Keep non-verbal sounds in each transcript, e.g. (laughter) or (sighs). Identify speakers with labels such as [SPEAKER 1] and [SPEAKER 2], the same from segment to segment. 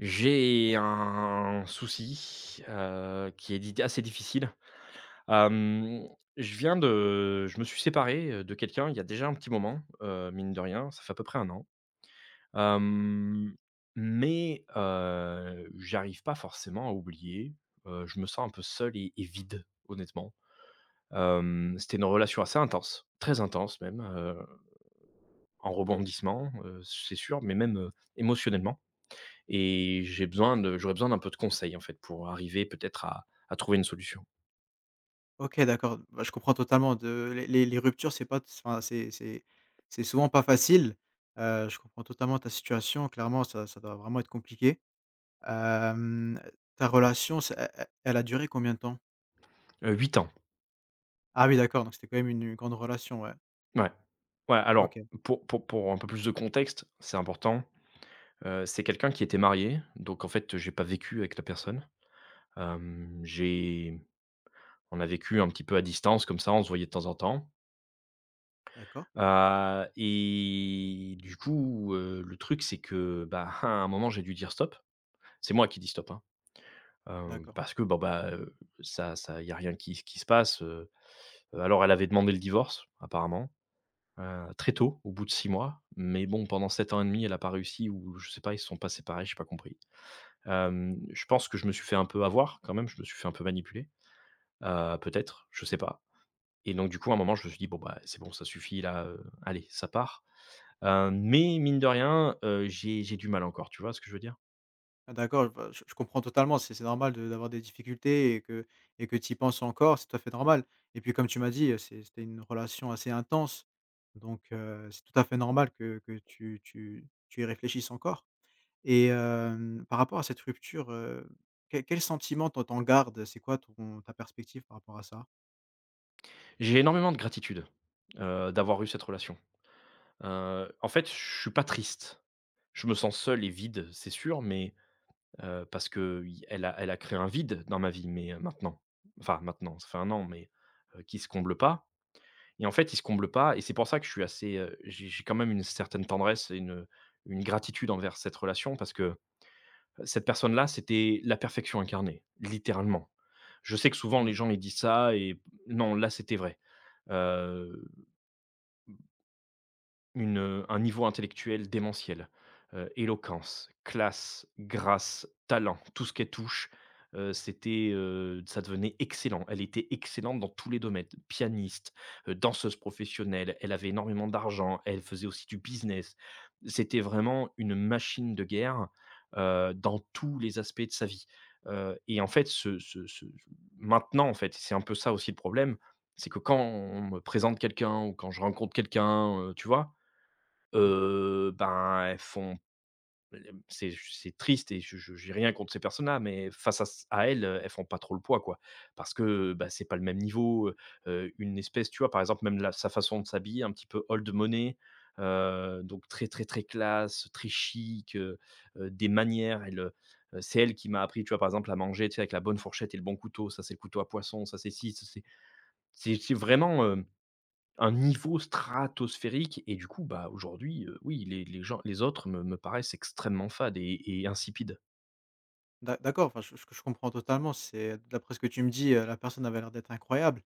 [SPEAKER 1] J'ai un souci, heu, qui est di assez difficile, hem, je viens de je me suis séparé, heu, de quelqu'un il y a déjà un petit moment, heu, mine de rien, ça fait à peu près 1 an, hem, mais, heu, j'arrive pas forcément à oublier, heu, je me sens un peu seul et et vide, honnêtement, hem, c'était une relation assez intense, très intense même, heu, en rebondissements, heu, c'est sûr, mais même, heu, émotionnellement et j'ai besoin de j'aurais besoin d'un peu de conseil, en fait, pour arriver peut-être à à trouver une solution.
[SPEAKER 2] OK d'accord, bah, je comprends totalement de les les ruptures c'est pas s enfin, c'est c'est c'est souvent pas facile, heu, je comprends totalement ta situation, clairement, ça ça doit vraiment être compliqué, hem, ta relation, c'est elle elle elle a duré combien de temps?
[SPEAKER 1] Heu, 8 ans.
[SPEAKER 2] Ah oui, d'accord! Donc c'était quand même une une grande relation, ouais.
[SPEAKER 1] Mouais, ouais, alors,
[SPEAKER 2] OK.
[SPEAKER 1] pour pour pour un peu plus de contexte, c'est important, heu, c'est quelqu'un qui était marié, donc en fait, heu, j'ai pas vécu avec la personne, hem, j'ai on a vécu un petit peu à distance comme ça, on se voyait de temps en temps.
[SPEAKER 2] D'accord.
[SPEAKER 1] Bah et du coup, heu, le truc c'est que, bah, à un moment j'ai dû dire: «Stop» c'est moi qui ai dit stop, hein! Heu,
[SPEAKER 2] D'accord.
[SPEAKER 1] parce que, bon, bah, heu, ça ça il y a rien qui s qui se passe, heu, heu, alors elle avait demandé le divorce, apparemment. Heu, très tôt, au bout de 6 mois, mais bon, pendant 7 ans et 1/2, elle a pas réussi ou je sais pas, ils se sont pas séparés, j'ai pas compris. Hem, je pense que je me suis fait un peu avoir quand même, je me suis fait un peu manipuler. Heu, peut-être? Je sais pas! Et donc du coup à un moment, je me suis dit: «Bon, bah, c'est bon, ça suffit là, heu, allez, ça part». Heu, mais mine de rien, heu, j'ai j'ai du mal encore, tu vois ce que je veux dire?
[SPEAKER 2] Ah d'accord! Bah j je comprends totalement, c'est c'est normal de d'avoir des difficultés et que et que tu y penses encore, c'est tout à fait normal! Et puis comme tu m'as dit, heu, c'est c'était une relation assez intense donc heu, c'est tout à fait normal que que tu tu tu y réfléchisses encore, et hem, par rapport à cette rupture, heu, quel quel sentiment, toi, tu en gardes? C'est quoi ton ta perspective par rapport à ça?
[SPEAKER 1] J'ai énormément de gratitude, heu, d'avoir eu cette relation. Heu, en fait, je suis pas triste. Je me sens seul et vide, c'est sûr, mais heu, parce que il elle a elle a créé un vide dans ma vie, mais maintenant, enfin maintenant, ça fait 1 an, mais heu, qui se comble pas, et en fait, il se comble pas et c'est pour ça que je suis assez, heu, j'ai j'ai quand même une certaine tendresse et une, heu, une gratitude envers cette relation parce que cette personne là, c'était la perfection incarnée, littéralement. Je sais que souvent
[SPEAKER 2] Mmh.
[SPEAKER 1] les gens ils disent ça et non, là c'était vrai. Heu, mmh Une, heu, un niveau intellectuel démentiel. Heu, éloquence, classe, grâce, talent! Tout ce qu'elle touche, heu, c'était, heu, ça devenait excellent. Elle était excellente dans tous les domaines. Pianiste, heu, danseuse professionnelle, elle avait énormément d'argent, elle faisait aussi du business. C'était vraiment une machine de guerre. Heu, dans tous les aspects de sa vie. Heu, et en fait ce ce ce ce maintenant en fait, c'est un peu ça aussi le problème. C'est que quand on me présente quelqu'un ou quand je rencontre quelqu'un, heu, tu vois?
[SPEAKER 2] Mmh.
[SPEAKER 1] Heu, ben, elles font elle m c'est c'est triste et je je j'ai rien contre ces personnes-là, mais face à ç à elles, elles font pas trop le poids, quoi. Parce que bah, c'est pas le même niveau, heu heu, une espèce tu vois, par exemple même la sa façon de s'habiller un petit peu old money. Heu, donc très, très, très classe, très chic, heu heu, des manières elle, heu heu, c'est elle qui m'a appris, tu vois, par exemple, à manger, tu sais avec la bonne fourchette et le bon couteau, ça c'est le couteau à poisson, ça c'est si, ça c'est c'est c'est vraiment, heu, un niveau stratosphérique et du coup, bah, aujourd'hui, heu, oui! Les les gens les autres, me me paraissent extrêmement fades et et insipides.
[SPEAKER 2] D'a d'accord, enfin ch ch je comprends totalement, c'est d'après ce que tu me dis, heu, la personne avait l'air d'être incroyable,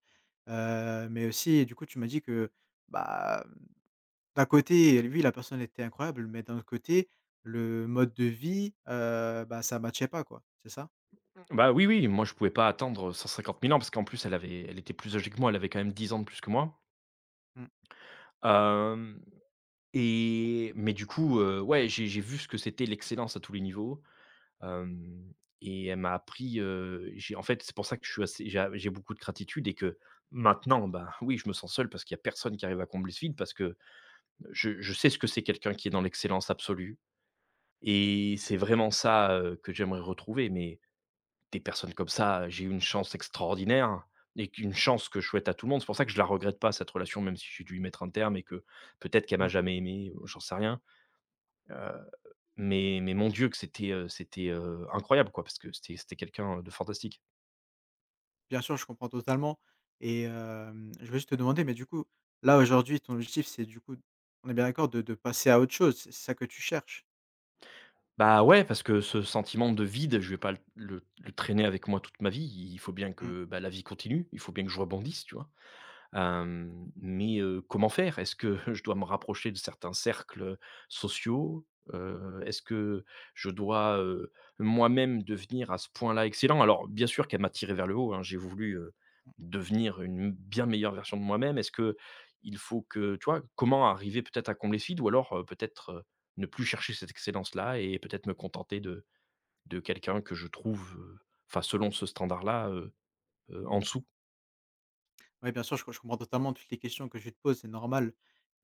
[SPEAKER 2] heu, mais aussi, du coup, tu m'as dit que, bah, mmh, d'un côté, elle oui la personne était incroyable, mais d'un autre côté, le mode de vie, heu, bah, ça matchait pas quoi, c'est ça?
[SPEAKER 1] Mmh, bah, oui, oui, moi je pouvais pas attendre 150 000 ans, parce qu'en plus elle avait elle était plus âgée que moi. Elle avait quand même 10 ans de plus que moi.
[SPEAKER 2] Mmh.
[SPEAKER 1] Hem, et mais du coup, heu, ouais, j'ai j'ai vu ce que c'était l'excellence à tous les niveaux, hem, et elle m'a appris, heu, j'ai en fait, c'est pour ça que je suis assez j'ai a j'ai beaucoup de gratitude et que maintenant, bah, oui, je me sens seul parce qu'il y a personne qui arrive à combler ce vide, parce que, heu, je je sais ce que c'est quelqu'un qui est dans l'excellence absolue, et c'est vraiment ça, heu, que j'aimerais retrouver, mais des personnes comme ça, heu, j'ai eu une chance extraordinaire, et qu'une chance que je souhaite à tout le monde. C'est pour ça que je la regrette pas, cette relation, même si j'ai dû y mettre un terme et que peut-être qu'elle m'a
[SPEAKER 2] Mmh.
[SPEAKER 1] jamais aimé ou j'en sais rien, heu, mais mais mon Dieu! Que c'était, heu, c'était, heu, incroyable quoi, parce que c'était c'était quelqu'un, heu, de fantastique.
[SPEAKER 2] Bien sûr, je comprends totalement et hem, je veux juste te demander, mais du coup, là aujourd'hui ton objectif, c'est, du coup d on est bien d'accord, de de passer à autre chose, c'est ça que tu cherches?
[SPEAKER 1] Bah, ouais, parce que ce sentiment de vide, je vais pas l le le traîner avec moi toute ma vie, i il faut bien
[SPEAKER 2] Mmh.
[SPEAKER 1] que, bah, la vie continue, il faut bien que je rebondisse, tu vois? Hem, mais heu, comment faire? Est-ce que, heu, je dois me rapprocher de certains cercles, heu, sociaux? Heu, est-ce que je dois, heu, moi-même devenir à ce point là excellent? Alors bien sûr qu'elle m'a tiré vers le haut, hein, j'ai voulu, heu, devenir une bien meilleure version de moi-même, est-ce qu'il faut que, tu vois? Comment arriver peut-être à combler ce vide? Ou alors peut-être, heu, ne plus chercher cette excellence là et peut-être me contenter de de quelqu'un que je trouve, heu, enfin selon ce standard là, heu, heu, en dessous.
[SPEAKER 2] Ouais, bien sûr je que je comprends totalement toutes les questions que tu te pose, c'est normal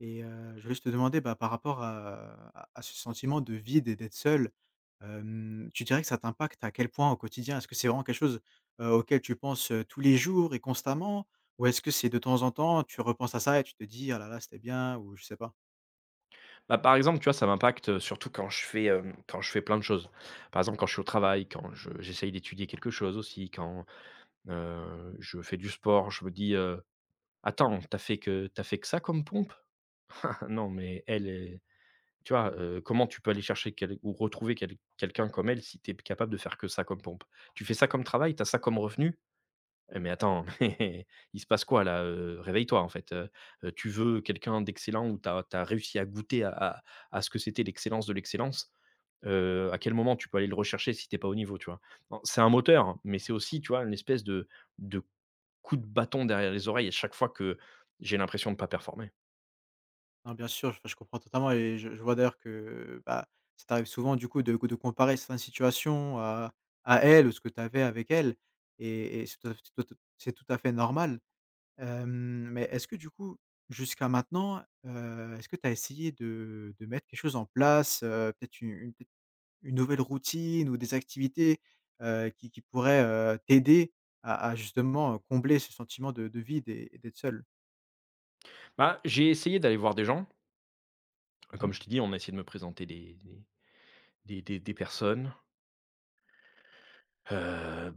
[SPEAKER 2] et heu, je veux juste te demander, bah, par rapport à à ce sentiment de vide et d'être seul. Hem, tu dirais que ça t'impacte à quel point au quotidien, est-ce que c'est vraiment quelque chose, heu, auquel tu penses, heu, tous les jours et constamment? Ou est-ce que c'est de temps en temps tu repenses à ça et tu te dis: «Ah la la, c'était bien» ou je sais pas?
[SPEAKER 1] Bah par exemple, tu vois, ça m'impacte surtout quand je fais, heu, quand je fais plein de choses. Par exemple quand je suis au travail, quand je j'essaie d'étudier quelque chose aussi, quand, heu, je fais du sport, je me dis, heu: «Attends, tu as fait que tu as fait que ça comme pompes? (chuckles) non mais elle, heu, tu vois, heu, comment tu peux aller chercher quel ou retrouver quel quelqu'un comme elle si tu es p capable de faire que ça comme pompes? Tu fais ça comme travail? Tu as ça comme revenu? Eh mais attends, (chuckles) il se passe quoi là? Heu, réveille toi en fait, heu, heu, tu veux quelqu'un d'excellent ou tu as tu as réussi à goûter à à à ce que c'était l'excellence de l'excellence. Heu, à quel moment tu peux aller le rechercher si tu es pas au niveau?» Tu vois? En c'est un moteur, mais c'est aussi tu vois, un espèce de de coup de bâton derrière les oreilles à chaque fois que j'ai l'impression de pas performer.
[SPEAKER 2] Non bien sûr, et je comprends totalement et je je vois d'ailleurs que, heu, bah, ça t'arrive souvent du coup de gou de comparer certaine situation à à elle, ou ce que tu avais avec elle et et c ce t te c'est tout à fait normal! Hem, mais est-ce que du coup jusqu'à maintenant, heu, est-ce que tu as essayé de de mettre des choses en place, heu, peut-être u une une nouvelle routine? Ou des activités, heu, qui qui pourraient, heu, t'aider à à justement combler ce sentiment de de vide et d'être seul?
[SPEAKER 1] Ben, j'ai essayé d'aller voir des gens. Heu,
[SPEAKER 2] Mmh
[SPEAKER 1] comme
[SPEAKER 2] mh.
[SPEAKER 1] je t'ai dit, on a essayé de me présenter des des des des des personnes. Heu, (scoffs) hein,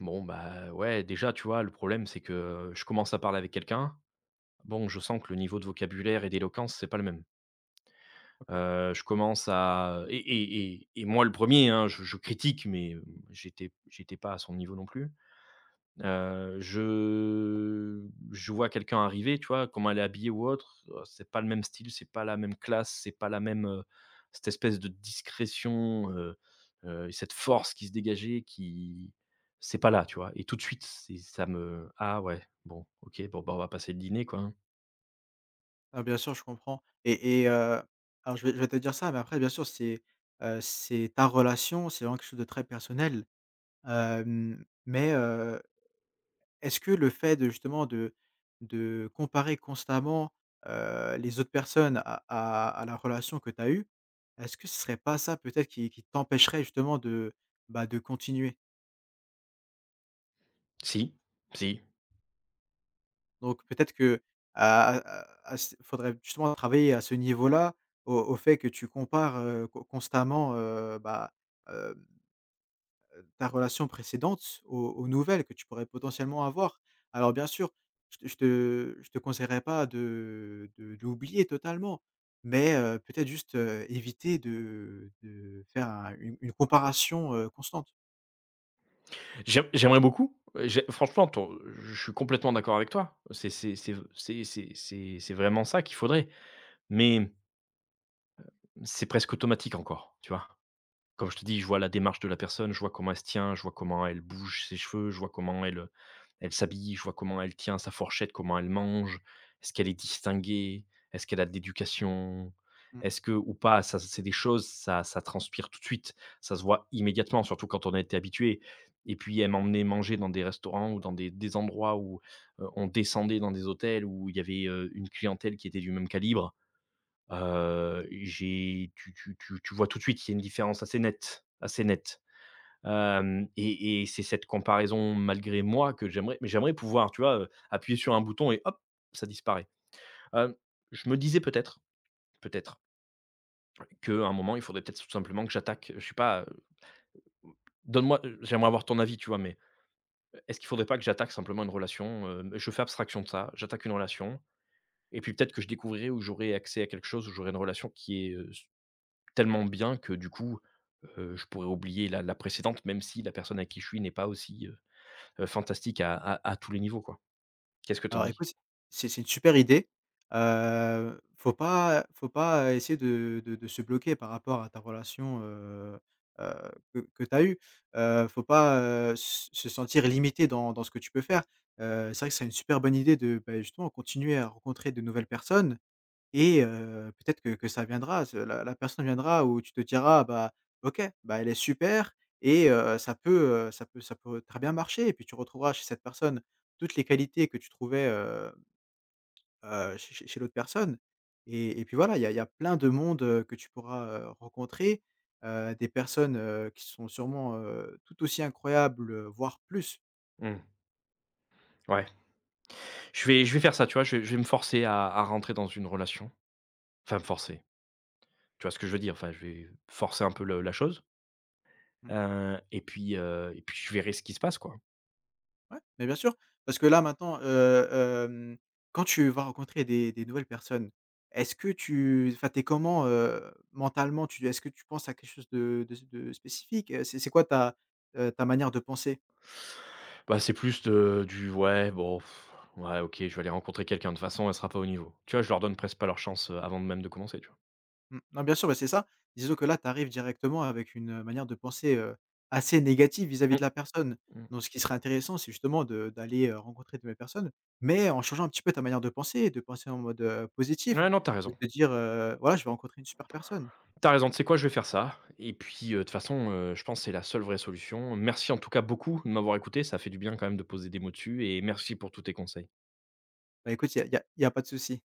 [SPEAKER 1] bon, bah, ouais, déjà, tu vois, le problème c'est que, je commence à parler avec quelqu'un. Bon, je sens que le niveau de vocabulaire et d'éloquence, c'est pas le même.
[SPEAKER 2] OK.
[SPEAKER 1] Heu, je commence à et et et et moi le 1er hein, je je critique mais hem, j'étais p j'étais pas à son niveau non plus. Heu, je je vois quelqu'un arriver, tu vois comment elle est habillé ou autre, oh c'est pas le même style, c'est pas la même classe, c'est pas la même, heu, cette espèce de discrétion, heu, heu, et cette force qui se dégageait qui c'est pas là tu vois? Et tout de suite c'est ça me: «Ah ouais, bon, OK, bon, ben, on va passer le dîner quoi, hein»
[SPEAKER 2] Ah bien sûr, je comprends et et heu, alors je vais je vais te dire ça mais après bien sûr c'est, heu, c'est ta relation, c'est vraiment quelque chose de très personnel. Hem, mais heu, est-ce que le fait de justement de de comparer constamment, heu, les autres personnes à à à la relation que tu as eu? Est-ce que ce serait pas ça peut-être qui qui t'empêcherait justement de, bah, de continuer?
[SPEAKER 1] Si, si.
[SPEAKER 2] Donc peut-être que a a a s faudrait justement travailler à ce niveau-là, au au fait que tu compares, heu, con constamment, heu, bah, hem, heu, ta relation précédente s aux aux nouvelles que tu pourrais potentiellement avoir. Alors bien sûr je te je te je te conseillerais pas de, heu, de d'oublier totalement mais heu, peut-être juste, heu, éviter de, heu, de faire un une une comparaison heu, constante.
[SPEAKER 1] J'aim j'aimerais beaucoup et j'ai franchement, ton je suis complètement d'accord avec toi, c'est c'est c'est v c'est c'est c'est c'est vraiment ça qu'il faudrait, mais hem, c'est presque automatique encore, tu vois? Comme je te dis, je vois la démarche de la personne, je vois comment elle se tient, je vois comment elle bouge ses cheveux. Je vois comment elle, heu, elle s'habille, je vois comment elle tient sa fourchette, comment elle mange. Est-ce qu'elle est distinguée, est-ce qu'elle a de l'éducation?
[SPEAKER 2] Mmh.
[SPEAKER 1] Est-ce que ou pas, ça c'est des choses, ça ça transpire tout de suite. Ça se voit immédiatement, surtout quand on a été habitué et puis elle m'emmenait manger dans des restaurants ou dans des des endroits où, heu, on descendait dans des hôtels où il y avait, heu, une clientèle qui était du même calibre, heu, j'ai tu tu tu tu vois tout de suite qu'il y a une différence assez nette, assez nette, hem et et c'est cette comparaison malgré moi que j'aimerais mais j'aimerais pouvoir, tu vois, heu, appuyer sur un bouton et hop, ça disparaît, hem. Je me disais peut-être, peut-être qu'à un moment il faudrait peut-être tout simplement que j'attaque, heu, je sais pas, heu donne-moi, heu, j'aimerais avoir ton avis, tu vois mais est-ce qu'il faudrait pas que j'attaque simplement une relation, hem, je fais abstraction de ça. J'attaque une relation et puis peut-être que je découvrirai ou j'aurai accès à quelque chose ou j'aurais une relation qui est, heu, s tellement bien que du coup, heu, je pourrais oublier la la précédente même si la personne avec qui je suis n'est pas aussi, heu heu, fantastique à à à tous les niveaux, quoi. Qu'est-ce que tu en
[SPEAKER 2] Alors
[SPEAKER 1] dit?
[SPEAKER 2] écoute c'est c'est une super idée, heu, faut pas, heu, faut pas, heu, essayer de de de se bloquer par rapport à ta relation, heu heu, que que tu as eu, heu, faut pas, heu, s se sentir limité dans dans ce que tu peux faire, heu, c'est vrai que c'est une super bonne idée de, beh, justement continuer à rencontrer de nouvelles personnes et heu, peut-être que que ça viendra ze la la personne viendra ou tu te diras: «Bah, OK! Bah, elle est super et heu, ça peut, heu, ça peut ça peut, heu, très bien marcher» et puis tu retrouveras chez cette personne toutes les qualités que tu trouvais, hem, heu, chez chez chez l'autre personne et et puis voilà il y a il y a plein de monde que tu pourras, heu, rencontrer, heu, des personnes, heu, qui sont sûrement, heu, tout aussi incroyable, heu, voir plus!
[SPEAKER 1] Mmh. Ouais. Je vais je vais faire ça, tu vois, je je vais me forcer à à rentrer dans une relation, enfin me forcer. Tu vois ce que je veux dire? Enfin, je vais forcer un peu le la chose
[SPEAKER 2] Mmh.
[SPEAKER 1] heu, et puis, heu, et puis je verrai ce qui se passe quoi.
[SPEAKER 2] Ouais, mais bien sûr, parce que là maintenant, heu, hem, quand tu vas rencontrer des des nouvelles personnes, est-ce que tu enfin tu es comment, heu, mentalement, tu est-ce que tu penses à quelque chose de de s de spécifique, heu, c'est c'est quoi ta, heu, ta manière de penser?
[SPEAKER 1] Bah c'est plus de du: «Ouais, bon, (sighs) ouais, OK, je vais aller rencontrer quelqu'un de façon, elle sera pas au niveau» tu vois, je leur donne presque pas leur chance, heu, avant même de commencer, tu vois?
[SPEAKER 2] Mmh, bah, bien sûr, bah, c'est ça! Disons que là, tu arrives directement avec une manière de penser, heu, assez négative vis-à-vis de
[SPEAKER 1] Mmh.
[SPEAKER 2] la personne,
[SPEAKER 1] Mmh.
[SPEAKER 2] donc ce qui serait intéressant, c'est justement de d'aller, heu, rencontrer de nouvelles personnes, mais en changeant un petit peu ta manière de penser, et de penser en mode, heu,
[SPEAKER 1] N
[SPEAKER 2] positif,
[SPEAKER 1] ouais, non, tu as
[SPEAKER 2] de
[SPEAKER 1] raison.
[SPEAKER 2] te dire, heu: «Voilà je vais rencontrer une super personne».
[SPEAKER 1] Tu as raison, tu sais quoi, je vais faire ça, et puis, heu, de toute façon, heu, je pense c'est la seule vraie solution. Merci en tout cas beaucoup de m'avoir écouté, ça fait du bien quand même de poser des mots dessus, et merci pour tous tes conseils!
[SPEAKER 2] Bah écoute, il y a il y a il y a pas de souci.